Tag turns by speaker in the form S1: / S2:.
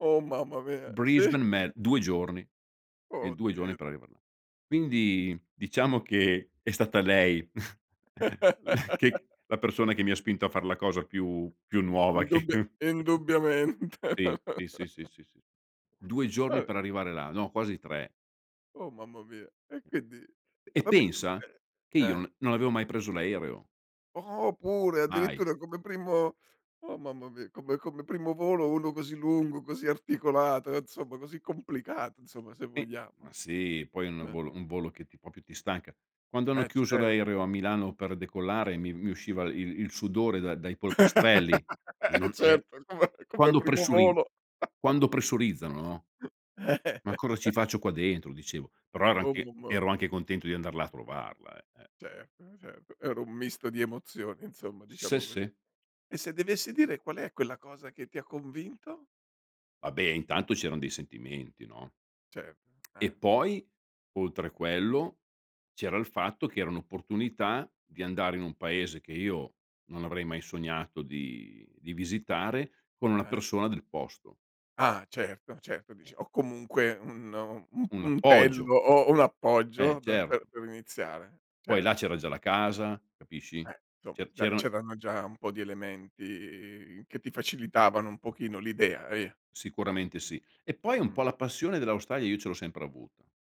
S1: Oh mamma mia, sì.
S2: Brisbane me 2 giorni. Eh,
S1: Oh
S2: 2 giorni
S1: Dio,
S2: per
S1: di
S2: arrivare là. Quindi, diciamo che è stata lei la che la persona che mi ha spinto a far la cosa più più nuova che
S1: Indubbia indubbiamente.
S2: sì, sì, sì, sì, sì. 2 giorni
S1: Ah.
S2: per arrivare là, no, quasi 3.
S1: Oh mamma mia! E quindi e
S2: E
S1: vabbè, eh, ma
S2: pensa
S1: cioè
S2: che io
S1: eh.
S2: non non avevo mai preso l'aereo.
S1: Oh, pure
S2: Mai.
S1: addirittura come primo oh mamma mia! Come come primo volo uno così lungo, così articolato, insomma così complicato, insomma se
S2: Sì.
S1: vogliamo.
S2: Ma sì, poi un
S1: Eh.
S2: volo un volo che ti proprio ti stanca. Quando hanno
S1: Eh,
S2: chiuso
S1: certo.
S2: l'aereo a Milano per decollare mi mi usciva il il sudore dai dai polpastrelli.
S1: Eh
S2: Non er
S1: certo, come come
S2: quando
S1: primo
S2: pressuri
S1: volo.
S2: quando pressurizzano no: "Ma cosa ci faccio qua dentro?" Dicevo. Però ero
S1: Oh
S2: anche
S1: [unintelligible]
S2: ero anche contento di andar là a trovarla, eh, eh.
S1: Certo, certo, era un misto di emozioni insomma
S2: Se,
S1: diciamo così.
S2: se.
S1: E se dovessi dire: qual è quella cosa che ti ha convinto?
S2: Vabbè, intanto c'eran dei sentimenti, no?
S1: Certo,
S2: E
S1: eh.
S2: poi oltre a quello c'era il fatto che era un'opportunità di andare in un paese che io non avrei mai sognato di di visitare con una
S1: Eh.
S2: persona del posto.
S1: Ah certo, certo.
S2: Eh.
S1: Dici: "Ho comunque un u un
S2: Un appoggio.
S1: puntello, ho ho un
S2: Eh,
S1: appoggio da da
S2: certo.
S1: per iniziare."
S2: Poi là
S1: Certo.
S2: c'era già la casa, capisci?
S1: Eh, inso
S2: Ce
S1: c'è
S2: c'erano
S1: c'erano già un po' di elementi che ti facilitavano un pochino l'idea, via.
S2: Sicuramente sì e poi un
S1: Mh.
S2: po' la passione dell'Australia io ce l'ho sempre avuta.